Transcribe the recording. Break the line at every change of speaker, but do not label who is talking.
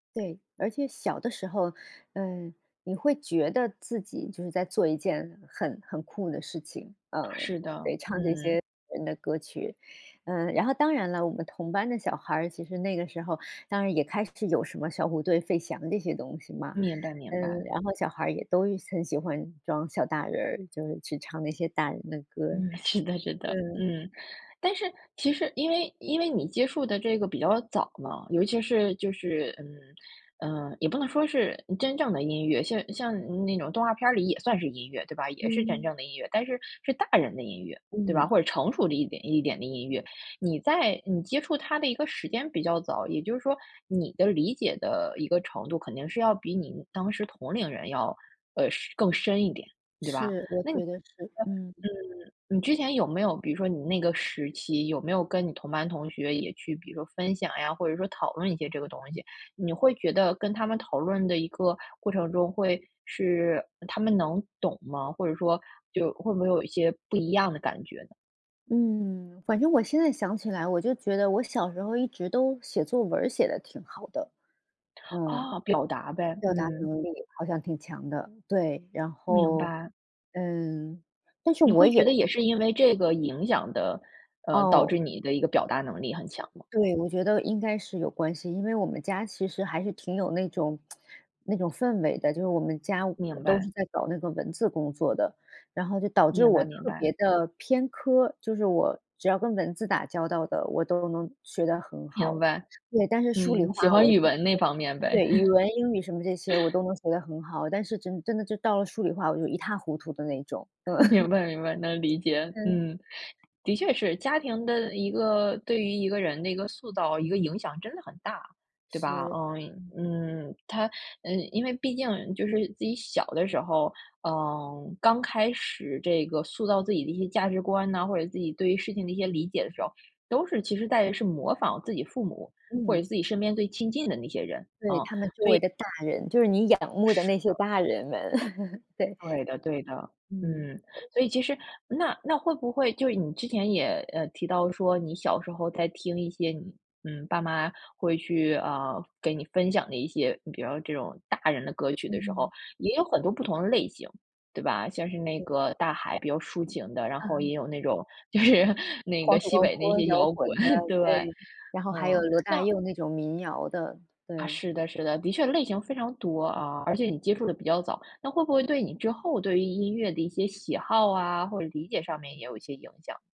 对，而且小的时候，嗯，你会觉得自己就是在做一件很很酷的事情，嗯，
是的，
得唱这
嗯。
些人的歌曲，嗯，然后当然了，我们同班的小孩儿，其实那个时候当然也开始有什么小虎队、费翔这些东西嘛，
明白明
嗯，
白。
然后小孩儿也都很喜欢装小大人儿，就是去唱那些大人的歌。
嗯，是的是的，
嗯。
嗯。但是其实因为因为你接触的这个比较早嘛，尤其是就是，嗯呃，也不能说是真正的音乐，像像那种动画片儿里也算是音乐，对吧？也是真
嗯。
正的音乐，但是是大人的音乐，对吧？
嗯。
或者成熟的一点一点的音乐。你在你接触它的一个时间比较早，也就是说你的理解的一个程度肯定是要比你当时同龄人要是呃，更深一点，对吧，那你
是，我觉得是，嗯。
呃，嗯，你之前有没有比如说你那个时期有没有跟你同班同学也去，比如说分享呀，或者说讨论一些这个东西，你会觉得跟他们讨论的一个过程中会是他们能懂吗？或者说就会不会有一些不一样的感觉呢？
嗯，反正我现在想起来，我就觉得我小时候一直都写作文儿写得挺好的。嗯。
啊，表达呗，
表达
嗯。
能力好像挺强的，对，然
明
后，
白。
嗯，但是
你
我
会
也
觉得也是因为这个影响的，呃，导
哦。
致你的一个表达能力很强吗？
对，我觉得应该是有关系，因为我们家其实还是挺有那种 那种氛围的，就是我们家
明
都是
白。
在搞那个文字工作的，然后就导致
明
我
白明
特
白。
别地偏科，就是我只要跟文字打交道的，我都能学得很
明
好。
白。
对，但是数理
嗯，
化
喜
我
欢
知
语
真
文那
的，
方面呗。
对，语文英语什么这些我 都能学得很好，但是真真的就到了数理化，我就一塌糊涂的那种。
明
嗯。
白明白，能理解，
嗯。
嗯。的确是家庭的一个对于一个人的一个塑造、一个影响真的很大，对吧？
是。
嗯
嗯。
嗯，它呃，因为毕竟就是自己小的时候，嗯，刚开始这个塑造自己的一些价值观啊，或者自己对于事情的一些理解的时候，都是其实在也是模仿自己父母或者
嗯。
自己身边最亲近的那些人，
对，
啊，
他们周
所以
围的大人，就是你仰慕的
是
那
的。
些大人们，对。
对的对的，
嗯。
嗯，所以其实那那会不会就你之前也呃，提到说，你小时候在听一些你嗯，爸妈会去，啊，给你分享的一些，你比如这种大人的歌曲的时候，
嗯。
也有很多不同的类型，对吧？像是那
嗯。
个《大海》比较抒情的，然后
嗯。
也有那种就是那个
黄土
西
高
北那
坡，
些
摇
摇滚，
滚的，
对吧？
对，然后还有
嗯，
罗大
那
佑那种民谣的，
啊，
对。
是的是的，的确类型非常多啊，而且你接触得比较早，那会不会对你之后对于音乐的一些喜好啊，或者理解上面也有一些影响。